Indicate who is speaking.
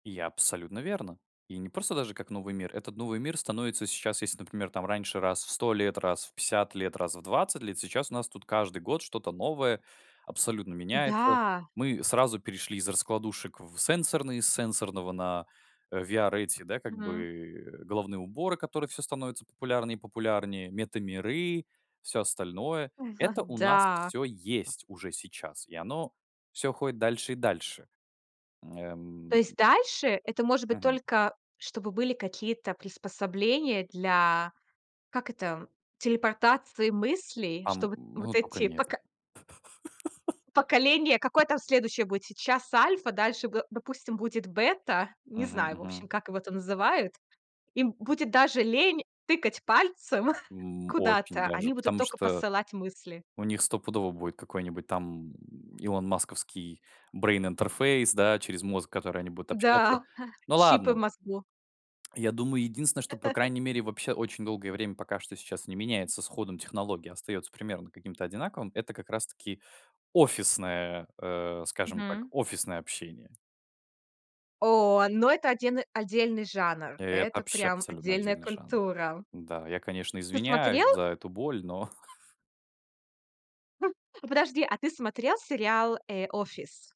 Speaker 1: И абсолютно верно. И не просто даже как новый мир. Этот новый мир становится сейчас, если, например, там раньше раз в 100 лет, раз в 50 лет, раз в 20 лет. Сейчас у нас тут каждый год что-то новое абсолютно меняется.
Speaker 2: Н-да.
Speaker 1: Мы сразу перешли из раскладушек в, э, сенсорные, с сенсорного на, э, VR эти, да как
Speaker 2: Мгм.
Speaker 1: бы головные уборы, которые всё становятся популярнее и популярнее, мета-миры, всё остальное. Это у нас
Speaker 2: Да.
Speaker 1: всё есть уже сейчас, и оно всё уходит дальше и дальше. М,
Speaker 2: То
Speaker 1: эм, м.
Speaker 2: есть дальше это может быть
Speaker 1: Мгм.
Speaker 2: только, чтобы были какие-то приспособления для как это телепортации мыслей, что
Speaker 1: Ам,
Speaker 2: вот вот
Speaker 1: ну тока
Speaker 2: эти
Speaker 1: не это.
Speaker 2: поко поколения, какое там следующее будет сейчас Альфа, дальше бэ допустим, будет Бета, не
Speaker 1: Мгм,
Speaker 2: знаю, в общем,
Speaker 1: мгм.
Speaker 2: как его там называют, им будет даже лень тыкать пальцем
Speaker 1: М. Очень
Speaker 2: куда-то,
Speaker 1: даже.
Speaker 2: они будут
Speaker 1: Потому
Speaker 2: тока
Speaker 1: что
Speaker 2: посылать мысли.
Speaker 1: у них стопудово будет какой-нибудь там Илон Масковский брейн-интерфейс, да, через мозг, который они будут общаться.
Speaker 2: Да,
Speaker 1: Ну
Speaker 2: чипы в
Speaker 1: ладно.
Speaker 2: мозгу.
Speaker 1: Я думаю, единственное, что по крайней мере вообще очень долгое время пока что сейчас не меняется с ходом технологии, а остается примерно каким-то одинаковым. Это как раз таки офисное, э, скажем так,
Speaker 2: Мгм.
Speaker 1: офисное общение.
Speaker 2: О, ну это отден отдельный жанр.
Speaker 1: Это
Speaker 2: Это
Speaker 1: вообще
Speaker 2: прям
Speaker 1: абсолютно
Speaker 2: отдельная
Speaker 1: отдельный жанр.
Speaker 2: культура.
Speaker 1: Да. Я, конечно,
Speaker 2: Ты
Speaker 1: извиняюсь
Speaker 2: смотрел?
Speaker 1: за эту боль, но.
Speaker 2: Ну подожди, а ты смотрел сериал, э, "Офис"?